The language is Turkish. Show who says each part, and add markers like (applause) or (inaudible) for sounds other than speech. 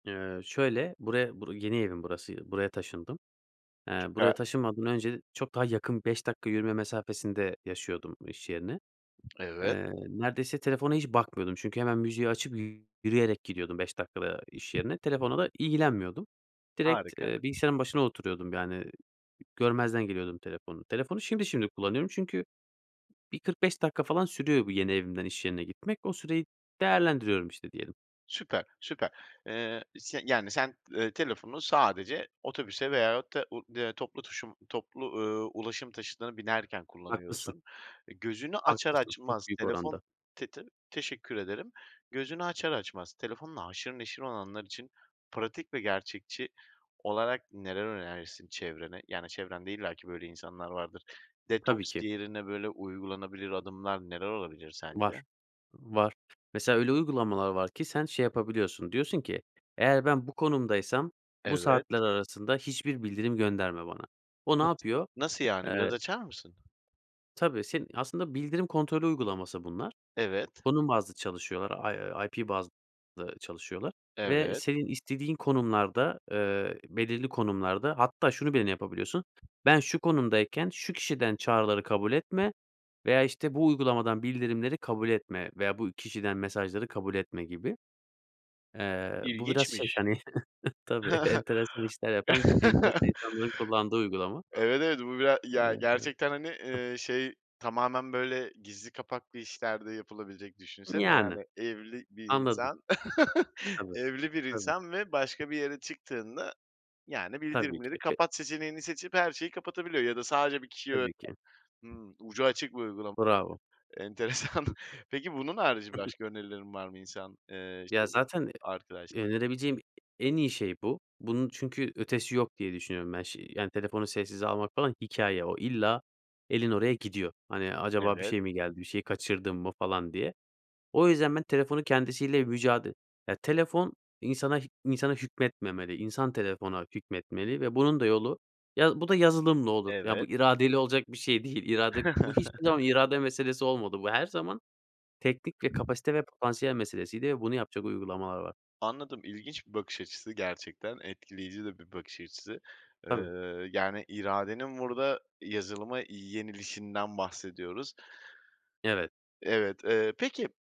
Speaker 1: Eee, şöyle; buraya, bur yeni evim burası, buraya taşındım. Eee, buraya
Speaker 2: Süper.
Speaker 1: taşınmadan önce çok daha yakın, 5 dakika yürüme mesafesinde yaşıyordum iş yerine.
Speaker 2: Evet.
Speaker 1: Eee, neredeyse telefona hiç bakmıyordum çünkü hemen müziği açıp yürüyerek gidiyordum 5 dakikada iş yerine, telefonla da ilgilenmiyordum. Direkt
Speaker 2: Harika.
Speaker 1: bilgisayarın başına oturuyordum, yani, görmezden geliyordum telefonu. Telefonu şimdi şimdi kullanıyorum. Çünkü bir 45 dakika falan sürüyor bu yeni evimden iş yerine gitmek. O süreyi değerlendiriyorum, işte, diyelim.
Speaker 2: Süper, süper. Eee, se yani, sen, eee, telefonu sadece otobüse veyahut da u da eee, toplu taşım toplu, ııı, ulaşım taşıtına binerken
Speaker 1: Haklısın.
Speaker 2: kullanıyorsun. E, gözünü açar
Speaker 1: Haklısın. Çok
Speaker 2: açmaz
Speaker 1: büyük
Speaker 2: telefon
Speaker 1: oranda.
Speaker 2: Te te teşekkür ederim. Gözünü açar açmaz telefonla haşır neşir olanlar için pratik ve gerçekçi olarak neler önerirsin çevrene? Yani, çevrende illaki böyle insanlar vardır.
Speaker 1: Tabii
Speaker 2: Detoks
Speaker 1: ki.
Speaker 2: yerine böyle uygulanabilir adımlar neler olabilir
Speaker 1: Var,
Speaker 2: sence?
Speaker 1: var. Mesela öyle uygulamalar var ki sen şey yapabiliyorsun, diyorsun ki, "Eğer ben bu konumdaysam bu
Speaker 2: Evet.
Speaker 1: saatler arasında hiçbir bildirim gönderme bana." O ne
Speaker 2: Nası
Speaker 1: yapıyor?
Speaker 2: nasıl, yani, biraz
Speaker 1: Eee
Speaker 2: açar mısın?
Speaker 1: Tabii, seni aslında bildirim kontrolü uygulaması bunlar.
Speaker 2: Evet.
Speaker 1: Konum bazlı çalışıyorlar, I IP bazlı çalışıyorlar ve
Speaker 2: Evet.
Speaker 1: senin istediğin konumlarda, eee, belirli konumlarda hatta şunu bile yapabiliyorsun. "Ben şu konumdayken şu kişiden çağrıları kabul etme." veya işte, "bu uygulamadan bildirimleri kabul etme." veya "bu kişiden mesajları kabul etme." gibi. Eee, bu biraz şey,
Speaker 2: İlginçmiş.
Speaker 1: hani, (chuckles) tabii
Speaker 2: (giggles)
Speaker 1: enteresan işler yapan, enteresan insanların kullandığı
Speaker 2: (chuckles)
Speaker 1: uygulama.
Speaker 2: Evet, evet. Bu bira ya
Speaker 1: Eee,
Speaker 2: gerçekten, hani, eee, şey. Tamamen böyle gizli kapaklı işler de yapılabilecek, düşünsene,
Speaker 1: Yani,
Speaker 2: yani, evli bir
Speaker 1: anladın.
Speaker 2: insan, (chuckles)
Speaker 1: Tabii,
Speaker 2: evli bir
Speaker 1: tabii.
Speaker 2: insan ve başka bir yere çıktığında yani
Speaker 1: Tabii
Speaker 2: "Bildirimleri
Speaker 1: ki. Be
Speaker 2: kapat" seçeneğini seçip her şeyi kapatabiliyor ya da sadece bir kişiye
Speaker 1: Tabii ki.
Speaker 2: (unintelligible) Hımm, ucu açık bir uygulam
Speaker 1: Bravo.
Speaker 2: Enteresan. Peki, bunun harici
Speaker 1: Hı hı.
Speaker 2: başka önerilerin var mı? İnsan, eee,
Speaker 1: Ya
Speaker 2: şeyde,
Speaker 1: zaten
Speaker 2: arkadaş
Speaker 1: e önerebileceğim e en iyi şey bu. Bunun çünkü ötesi yok diye düşünüyorum ben. Şi yani telefonu sessize almak falan hikâye. O, illa elin oraya gidiyor. Hani, acaba bir
Speaker 2: Evet.
Speaker 1: şey mi geldi? Bir şey kaçırdın mı, falan, diye. O yüzden ben telefonun kendisiyle mücade ya, telefon insana h insana hükmetmemeli, insan telefona hükmetmeli ve bunun da yolu ya bu da yazılımla olur ya bu
Speaker 2: Evet.
Speaker 1: iradeyle olacak bir şey değil. İrade bu, hiçbir zaman
Speaker 2: (chuckles)
Speaker 1: irade meselesi olmadı. Bu her zaman teknik, kapasite ve potansiyel meselesiydi ve bunu yapacak uygulamalar var.
Speaker 2: Anladım, ilginç bir bakış açısı. Gerçekten etkileyici de bir bakış açısı. Eee,
Speaker 1: Tabii.
Speaker 2: yani, iradenin burada yazılıma yenilişinden bahsediyoruz.
Speaker 1: Evet.
Speaker 2: Evet, eee, peki